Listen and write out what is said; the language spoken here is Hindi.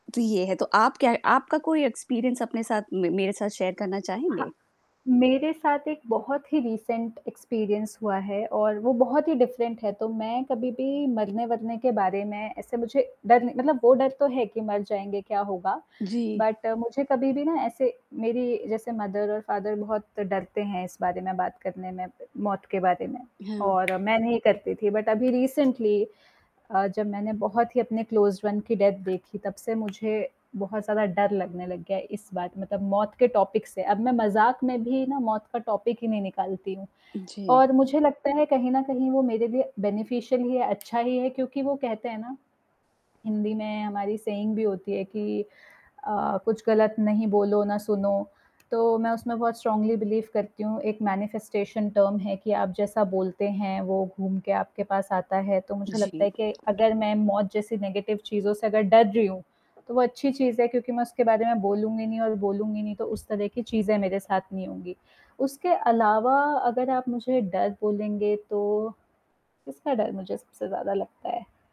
तो ये है, तो आप क्या आपका कोई एक्सपीरियंस अपने साथ म मेरे साथ शेयर करना चाहेंगे? हाँ। मेरे साथ एक बहुत ही रिसेंट एक्सपीरियंस हुआ है और वो बहुत ही डिफरेंट है, तो मैं कभी भी मरने-वरने के बारे में ऐसे मुझे डर नहीं मतलब वो डर तो है कि मर जाएँगे क्या होगा जी। बट मुझे कभी भी ना ऐसे मेरी जैसे मदर और फादर बहुत डरते हैं इस बारे में बात करने में, मौत के बारे में हाँ। और मैं नहीं करती थी बट अभी रिसेंटली अ, जब मैंने बहुत ही अपने क्लोज्ड वन की डेथ देखी तब से मुझे बहुत ज़्यादा डर लगने लग गया इस बात मतलब मौत के टॉपिक से अब मैं मजाक में भी ना मौत का टॉपिक ही नहीं निकालती हूँ जी। और मुझे लगता है कहीं न कहीं वो मेरे लिए बेनिफिशियल ही है अच्छा ही है, क्योंकि वो कहते हैं ना, हिंदी में हमारी सेइंग भी होती है कि अ, कुछ गलत नहीं बोलो, ना सुनो तो मैं उसमें बहुत स्ट्रांगली बिलीव करती हूँ एक मैनिफेस्टेशन टर्म है कि आप जैसा बोलते हैं, वो घूम के आपके पास आता है, तो मुझे लगता जी। है कि अगर मैं मौत जैसी नेगेटिव चीज़ों से अगर डर रही हूँ, तो वो अच्छी चीज़ है क्योंकि मैं उसके बारे में बोलूँगी नहीं और बोलूँगी नहीं, तो उस तरह की चीज़ें मेरे साथ नहीं होंगी, उसके अलावा अगर आप मुझे डर बोलेंगे तो किसका डर मुझे सबसे ज़्यादा लगता है?